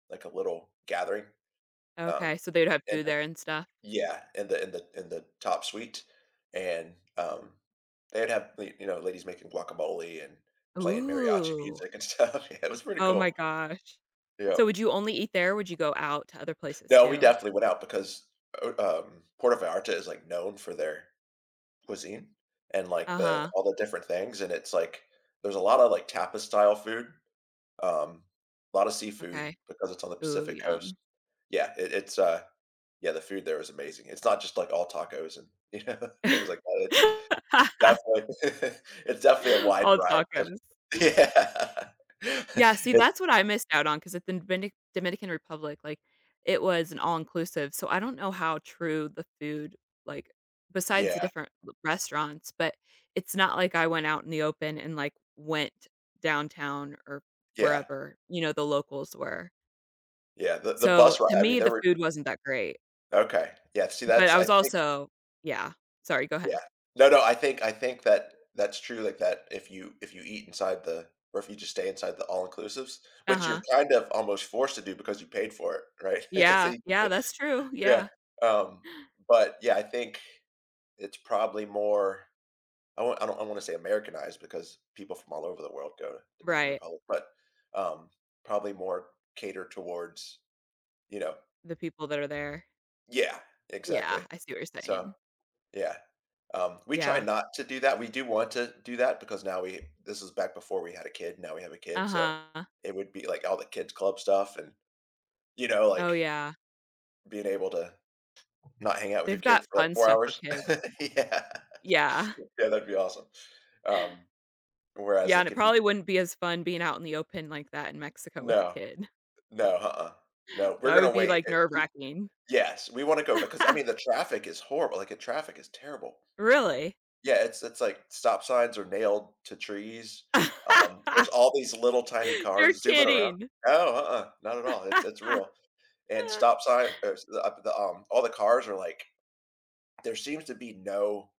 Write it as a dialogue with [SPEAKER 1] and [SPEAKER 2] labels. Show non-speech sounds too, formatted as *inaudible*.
[SPEAKER 1] Like a little, gathering, um,
[SPEAKER 2] Okay, so they'd have
[SPEAKER 1] and
[SPEAKER 2] food
[SPEAKER 1] then
[SPEAKER 2] there and stuff?
[SPEAKER 1] Yeah, in the in the in the top suite, and, um, they'd have, li you know, ladies making guacamole and playing mariachi
[SPEAKER 2] Ooh.
[SPEAKER 1] music and stuff, yeah, it was pretty
[SPEAKER 2] Oh my
[SPEAKER 1] cool.
[SPEAKER 2] gosh. So,
[SPEAKER 1] Yep.
[SPEAKER 2] would you only eat there or would you go out to other places
[SPEAKER 1] No, we
[SPEAKER 2] too?
[SPEAKER 1] definitely went out because, oh um Puerto Vallarta is, like, known for their, cuisine and, like, the
[SPEAKER 2] Uh-huh.
[SPEAKER 1] all the different things and it's like, there's a lotta, like, tapas style food, um, lotta seafood
[SPEAKER 2] Okay.
[SPEAKER 1] because it's on the
[SPEAKER 2] Ooh,
[SPEAKER 1] Pacific Coast.
[SPEAKER 2] yum.
[SPEAKER 1] Yeah, it it's, uh, yeah the food there is amazing, it's not just, like, all tacos and, you know, things like that, it's,
[SPEAKER 2] *laughs*
[SPEAKER 1] definitely, *chuckles* it's definitely a wide
[SPEAKER 2] All
[SPEAKER 1] vari yes
[SPEAKER 2] tacos.
[SPEAKER 1] yeah, *laughs*
[SPEAKER 2] Yeah, see,
[SPEAKER 1] it
[SPEAKER 2] that's what I missed out on 'cause at then Venic Dominican Republic, like, it was an all-inclusive so I don't know how true the food, like besides the
[SPEAKER 1] Yeah.
[SPEAKER 2] different l restaurants but, it's not like I went out in the open and, like, went downtown or
[SPEAKER 1] Yeah.
[SPEAKER 2] wherever, you know, the locals were.
[SPEAKER 1] Yeah, the the
[SPEAKER 2] So,
[SPEAKER 1] bus ri
[SPEAKER 2] to
[SPEAKER 1] I mean,
[SPEAKER 2] me,
[SPEAKER 1] there
[SPEAKER 2] the
[SPEAKER 1] were
[SPEAKER 2] food wasn't that great.
[SPEAKER 1] Okay, yeah, see,
[SPEAKER 2] But
[SPEAKER 1] that's
[SPEAKER 2] I
[SPEAKER 1] I
[SPEAKER 2] was
[SPEAKER 1] think
[SPEAKER 2] also Yeah, sorry, go
[SPEAKER 1] Yeah.
[SPEAKER 2] ahead.
[SPEAKER 1] No, no, I think I think that that's true, like, that if you if you eat inside the or if you just stay inside the all inclusives, which
[SPEAKER 2] Uh-huh.
[SPEAKER 1] you're kind of almost forced to do because you paid for it, right, *chuckles* so
[SPEAKER 2] Yeah,
[SPEAKER 1] you could
[SPEAKER 2] yeah
[SPEAKER 1] put
[SPEAKER 2] that's true, yeah.
[SPEAKER 1] Yeah, um, but, yeah, I think, it's probably more I want I don't I wanna say Americanized because people from all over the world go to Dominican
[SPEAKER 2] Right.
[SPEAKER 1] Republic, but, um, probably more catered towards, you know
[SPEAKER 2] The people that are there.
[SPEAKER 1] Yeah.
[SPEAKER 2] Yeah,
[SPEAKER 1] Exactly.
[SPEAKER 2] I see what you're
[SPEAKER 1] So,
[SPEAKER 2] saying.
[SPEAKER 1] yeah. Um, we try
[SPEAKER 2] Yeah.
[SPEAKER 1] not to do that, we do want to do that because now we this is back before we had a kid, now we have a kid so,
[SPEAKER 2] Uh-huh.
[SPEAKER 1] it would be, like, all the kids club stuff and, you know,
[SPEAKER 2] Oh,
[SPEAKER 1] like,
[SPEAKER 2] yeah.
[SPEAKER 1] being able to not hang out with
[SPEAKER 2] They've
[SPEAKER 1] your
[SPEAKER 2] got
[SPEAKER 1] kid for, like,
[SPEAKER 2] fun
[SPEAKER 1] 4
[SPEAKER 2] stuff for
[SPEAKER 1] hours.
[SPEAKER 2] kid
[SPEAKER 1] *chuckles* Yeah,
[SPEAKER 2] Yeah.
[SPEAKER 1] yeah that'd be awesome. Um, whereas,
[SPEAKER 2] Yeah, and
[SPEAKER 1] like,
[SPEAKER 2] it
[SPEAKER 1] if you
[SPEAKER 2] probably wouldn't be as fun being out in the open like that in Mexico with a
[SPEAKER 1] No.
[SPEAKER 2] kid.
[SPEAKER 1] No, uh-uh, no, we're
[SPEAKER 2] That would
[SPEAKER 1] gonna
[SPEAKER 2] be,
[SPEAKER 1] wait,
[SPEAKER 2] like,
[SPEAKER 1] eh,
[SPEAKER 2] nerve
[SPEAKER 1] we
[SPEAKER 2] wracking.
[SPEAKER 1] Yes, we wanna go because, I
[SPEAKER 2] *laughs*
[SPEAKER 1] mean, the traffic is horrible, like, a traffic is terrible.
[SPEAKER 2] Really?
[SPEAKER 1] Yeah, it's it's like stop signs are nailed to trees, um, there's
[SPEAKER 2] *laughs*
[SPEAKER 1] all these little tiny
[SPEAKER 2] You're
[SPEAKER 1] cars zooming around
[SPEAKER 2] kidding.
[SPEAKER 1] No, uh-uh, not at all, it's it's real and
[SPEAKER 2] *laughs*
[SPEAKER 1] stop sign ers the up the um all the cars are like there seems to be no